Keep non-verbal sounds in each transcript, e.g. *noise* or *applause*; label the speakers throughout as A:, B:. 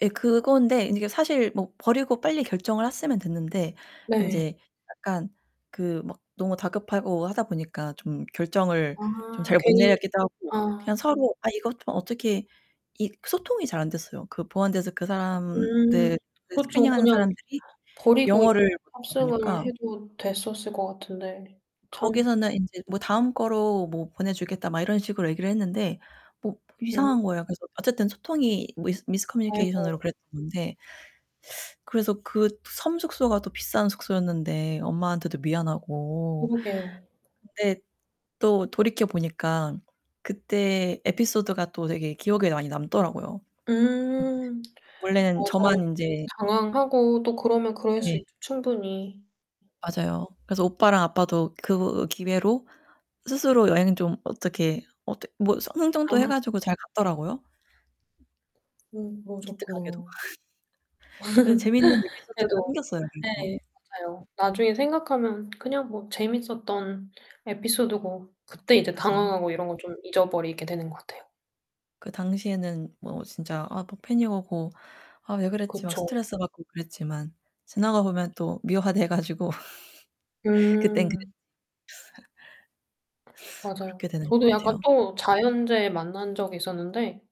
A: 예, 그건데 이게 사실 뭐 버리고 빨리 결정을 했으면 됐는데
B: 네.
A: 인제 약간 그 막 너무 다급하고 하다 보니까 좀 결정을 좀
B: 아
A: 잘 못
B: 괜히
A: 내렸기도 하고 그냥
B: 아.
A: 서로 아 이것 어떻게 이 소통이 잘 안 됐어요. 그 보안대서 그
B: 음
A: 사람들 그 스크리닝
B: 그쵸.
A: 하는
B: 그냥
A: 사람들이
B: 버리고 *unintelligible*
A: 영어를 못하다
B: 탑승을
A: 보니까
B: 해도 됐었을 것 같은데 참
A: 거기서는 인제 뭐 "다음 거로 뭐 보내 주겠다." 막 이런 식으로 얘기를 했는데 뭐
B: 음.
A: 이상한 거예요. 그래서 어쨌든 소통이 미스 미스
B: 아이고.
A: 커뮤니케이션으로 그랬던 건데 그래서 그 섬 숙소가 또 비싼 숙소였는데 엄마한테도 미안하고
B: 그러게요.
A: 근데 또 돌이켜 보니까 그때 에피소드가 또 되게 기억에 많이 남더라고요.
B: 음
A: 원래는
B: 맞아요.
A: 저만 인제
B: 당황하고 또 그러면 그럴 수
A: 네.
B: 있죠. 충분히.
A: 맞아요. 그래서 오빠랑 아빠도 그 기회로 스스로 여행 좀 어떻게 어떻 뭐 스 흥정도 해
B: 아.
A: 가지고 잘 갔더라고요.
B: 음
A: 기특하게도.
B: 그러셨구나.
A: *laughs* 예 재밌는
B: *laughs*
A: 에피소드가
B: 그래도
A: 생겼어요, 그래도.
B: 네 맞아요. 나중에 생각하면 그냥 뭐 재밌었던 에피소드고 그때 이제
A: 맞아요.
B: 당황하고 이런 거 좀 잊어버리게 되는 것 같아요.
A: 그 당시에는 뭐 진짜 아 막 패닉 오고 '아 왜 그랬지.' 막
B: 그쵸.
A: 스트레스 받고 그랬지만 지나가보면 또 미화돼 가지고. *laughs* 그땐 그랬지
B: 음.
A: *laughs*
B: 맞아요.
A: 그렇게 되는 것
B: 저도 약간
A: 같아요.
B: 또 자연재해 만난 적이 있었는데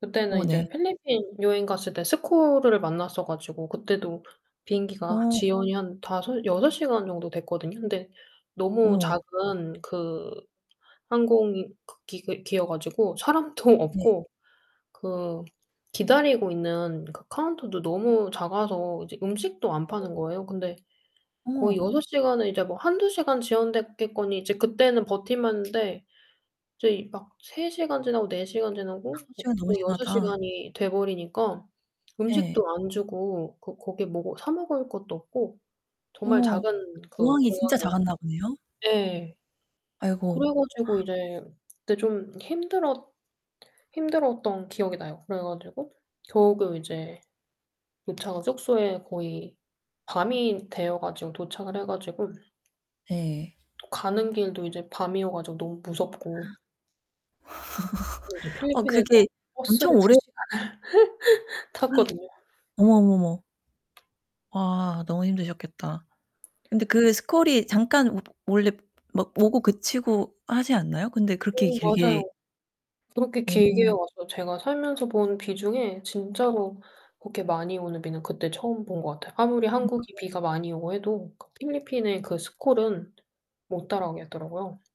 B: 그때는
A: 어, 네.
B: 이제 필리핀 여행 갔을 때 스콜을 만났어 가지고 그때도 비행기가
A: 어.
B: 지연이 한 5-6 시간 정도 됐거든요. 근데 너무
A: 어머.
B: 작은 그 항공이 그 기 기여 가지고 사람도
A: 네.
B: 없고 그 기다리고 있는 그 카운터도 너무 작아서 이제 음식도 안
A: 네.
B: 파는 거예요. 근데 거의
A: 어머.
B: 6 시간을 이제 뭐 1-2 시간 지연됐겠거니 이제 그때는 버틸만 했는데 이제 막 3 시간 지나고 4 시간 지나고
A: 5
B: 거
A: 시간 너무
B: 거의 6
A: 심하다.
B: 시간이 돼버리니까 음식도
A: 네.
B: 안 주고 그 거기 뭐 사 먹을 것도 없고 정말
A: 어머
B: 작은 그
A: 공항이 진짜
B: 공항이었거든요.
A: 작았나 보네요.
B: 예. 그래
A: 아이고.
B: 가지고
A: *gasps*
B: 이제 그때 좀 힘들어 힘들었던 기억이 나요. 그래 가지고 겨우 그 이제 도착한 숙소에 거의 밤이 되어 가지고 도착을 해 가지고
A: 네.
B: 또 가는 길도 이제 밤이어 가지고 너무
A: *gasps*
B: 무섭고 이제
A: *laughs* 어
B: 필리핀에서
A: 그게
B: 버스를
A: 엄청
B: 2
A: 오래
B: 시간을 *laughs*
A: 아이.
B: 탔거든요.
A: 어머, 어머, 어머. 와 너무 힘드셨겠다. 근데 그 스콜이 잠깐 워 원래 마 막 오고 그치고 하지 않나요? 근데 그렇게
B: 음
A: 길게
B: 맞아요. 그렇게 길게
A: 어.
B: 와서 제가 살면서 본 비 중에 진짜로 그렇게 많이 오는 비는 그때 처음 본 것 같아요. 아무리 한국이
A: 그러니까요.
B: 비가 많이 오고 해도 그 필리핀의 그 스콜은 못 따라오겠더라고요.